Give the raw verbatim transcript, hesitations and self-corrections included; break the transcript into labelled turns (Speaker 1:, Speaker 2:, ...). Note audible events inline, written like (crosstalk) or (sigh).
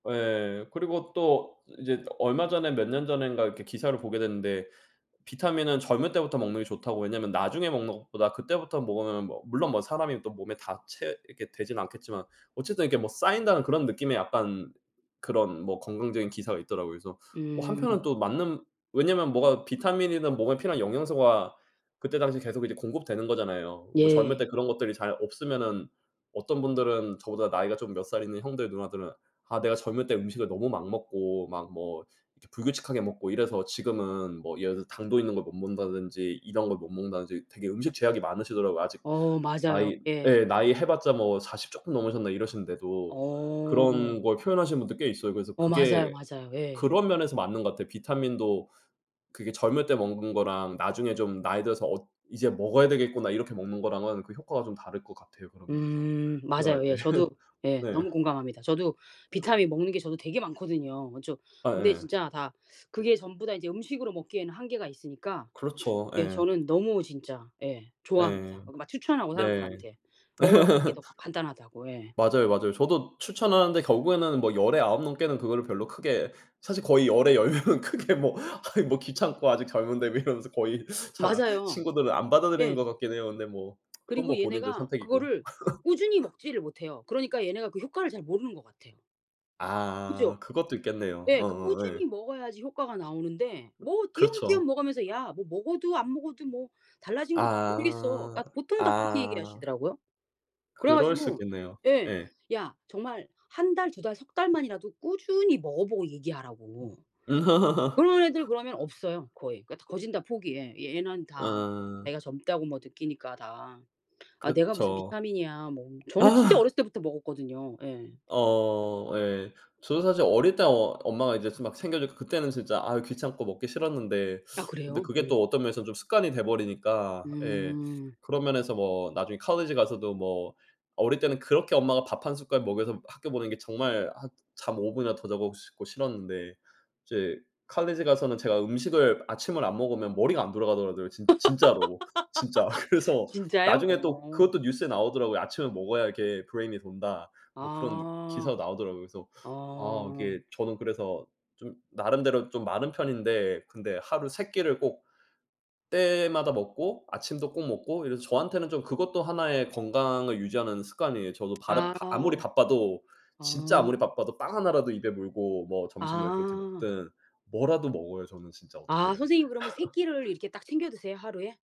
Speaker 1: 예, 그리고 또 이제 얼마 전에 몇 년 전엔가 이제 기사를 보게 됐는데 비타민은 젊을 때부터 먹는 게 좋다고, 왜냐하면 나중에 먹는 것보다 그때부터 먹으면 뭐 물론 뭐 사람이 또 몸에 다 채 이렇게 되진 않겠지만 어쨌든 이렇게 뭐 쌓인다는 그런 느낌의 약간 그런 뭐 건강적인 기사가 있더라고요. 그래서
Speaker 2: 음.
Speaker 1: 한편은 또 맞는 왜냐하면 뭐가 비타민이나 몸에 필요한 영양소가 그때 당시에 계속 이제 공급되는 거잖아요. 뭐 젊을 때
Speaker 2: 예.
Speaker 1: 그런 것들이 잘 없으면은 어떤 분들은 저보다 나이가 좀 몇 살 있는 형들, 누나들은 아 내가 젊을 때 음식을 너무 막 먹고 막 뭐 불규칙하게 먹고 이래서 지금은 뭐 예를 들어서 당도 있는 걸 못 먹는다든지 이런 걸 못 먹는다든지 되게 음식 제약이 많으시더라고요. 아직
Speaker 2: 어, 맞아요.
Speaker 1: 나이
Speaker 2: 예.
Speaker 1: 예 나이 해 봤자 뭐 사십 쪼끔 넘으셨나? 이러시는데도, 그런
Speaker 2: 어.
Speaker 1: 걸 표현하시는 분도 꽤 있어요. 그래서
Speaker 2: 어 맞아요,
Speaker 1: 그게
Speaker 2: 맞아요. 예.
Speaker 1: 그런 면에서 맞는 것 같아요. 비타민도 그게 젊을 때 먹는 거랑 나중에 좀 나이 들어서 엇 '이제 먹어야 되겠구나.' 이렇게 먹는 거랑은 그 효과가 좀 다를 것 같아요 그런 면에서
Speaker 2: 음
Speaker 1: 생각할
Speaker 2: 맞아요.
Speaker 1: 때.
Speaker 2: 예. 저도
Speaker 1: (laughs)
Speaker 2: 예.
Speaker 1: 네.
Speaker 2: 너무 공감합니다. 저도 비타민 먹는 게 저도 되게 많거든요 아주.
Speaker 1: 아
Speaker 2: 근데
Speaker 1: 예.
Speaker 2: 진짜 다 그게 전부 다 이제 음식으로 먹기에는 한계가 있으니까.
Speaker 1: 그렇죠.
Speaker 2: 예,
Speaker 1: 예.
Speaker 2: 저는 너무 진짜 예
Speaker 1: 예.
Speaker 2: 좋아합니다. 저도 막 추천하고
Speaker 1: 네.
Speaker 2: 사람들한테 먹으라고 이게 더 가
Speaker 1: (laughs)
Speaker 2: 간단하다고. 예.
Speaker 1: 맞아요, 맞아요. 저도 추천하는데 결국에는 뭐 열 에 아홉 넘게는 그거를 별로 크게 사실 거의 열 에 열 명은 크게 뭐 아이 뭐 귀찮고 아직 젊은데 왜 이러면서 거의 잘 안
Speaker 2: 맞아요.
Speaker 1: 친구들은 안 받아들이는
Speaker 2: 예.
Speaker 1: 것 같긴 해요. 근데 뭐 (tsk) 그건
Speaker 2: 그리고
Speaker 1: 본인들의
Speaker 2: 얘네가
Speaker 1: 선택이고.
Speaker 2: 그거를 꾸준히
Speaker 1: (laughs)
Speaker 2: 먹지를 못해요. 그러니까 얘네가 그 효과를 잘 모르는 것 같아요.
Speaker 1: 아
Speaker 2: 그죠?
Speaker 1: 그것도 있겠네요.
Speaker 2: 예, 그
Speaker 1: 어어 예.
Speaker 2: 꾸준히 먹어야지 효과가 나오는데 뭐 띄엄띄엄
Speaker 1: 그렇죠.
Speaker 2: 먹으면서 "야, 뭐 먹어도 안 먹어도 뭐 달라진 것도 모르겠어."
Speaker 1: 아
Speaker 2: 그러니까 보통 다 그렇게
Speaker 1: 아.
Speaker 2: 얘기하시더라고요. 그래
Speaker 1: 그럴 수
Speaker 2: 가지고
Speaker 1: 있겠네요.
Speaker 2: 예.
Speaker 1: 예.
Speaker 2: 야 정말 한 달, 두 달, 석 달 만이라도 꾸준히 먹어보고 얘기하라고, 그런 애들
Speaker 1: (laughs)
Speaker 2: 그러면 없어요 거의. 야 거진 다 포기해. 얘 얘네는 다
Speaker 1: 어.
Speaker 2: 애가 젊다고 뭐 느끼니까 다. "아 내가 무슨
Speaker 1: 그쵸.
Speaker 2: 비타민이야." 뭐 저는 진짜
Speaker 1: 아.
Speaker 2: 어렸을 때부터 먹었거든요. 예.
Speaker 1: 어 예. 저도 사실 어릴 때 어 엄마가 이제 막 챙겨주고 그때는 진짜 아 귀찮고 먹기 싫었는데,
Speaker 2: 아
Speaker 1: 근데
Speaker 2: 그래요?
Speaker 1: 그게
Speaker 2: 어.
Speaker 1: 또 어떤 면에서는 좀 습관이 돼 버리니까. 예
Speaker 2: 음.
Speaker 1: 그런 면에서 뭐 나중에 college 가서도 뭐 어릴 때는 그렇게 엄마가 밥 한 숟갈 먹여서 학교 보낸 게 정말 한 잠 오 분이나 더 자고 싶고 싫었는데 이제 college 가서는 제가 음식을 아침을 안 먹으면 머리가 안 돌아가더라고요 진 진짜로. 진짜.
Speaker 2: (laughs)
Speaker 1: 그래서
Speaker 2: 진짜요?
Speaker 1: 나중에 또
Speaker 2: 오.
Speaker 1: 그것도 뉴스에 나오더라고요. "아침을 먹어야 이게 브레인이 돈다." 뭐 그런 기사가
Speaker 2: 아
Speaker 1: 나오더라고요. 그래서 아
Speaker 2: 어.
Speaker 1: 이게 저는 그래서 좀 나름대로 좀 마른 편인데 근데 하루 세 끼를 꼭 때마다 먹고 아침도 꼭 먹고 이래서 저한테는 좀 그것도 하나의 건강을 유지하는 습관이에요. 저도 바르
Speaker 2: 아
Speaker 1: 바 아무리 바빠도 진짜
Speaker 2: 어.
Speaker 1: 아무리 바빠도 빵 하나라도 입에 물고 뭐 점심을 그렇게
Speaker 2: 아.
Speaker 1: 먹든 뭐라도 먹어요 저는 진짜
Speaker 2: 아
Speaker 1: 어떻게든.
Speaker 2: 선생님 그러면 세 끼를
Speaker 1: (laughs)
Speaker 2: 이렇게 딱 챙겨 드세요? 하루에?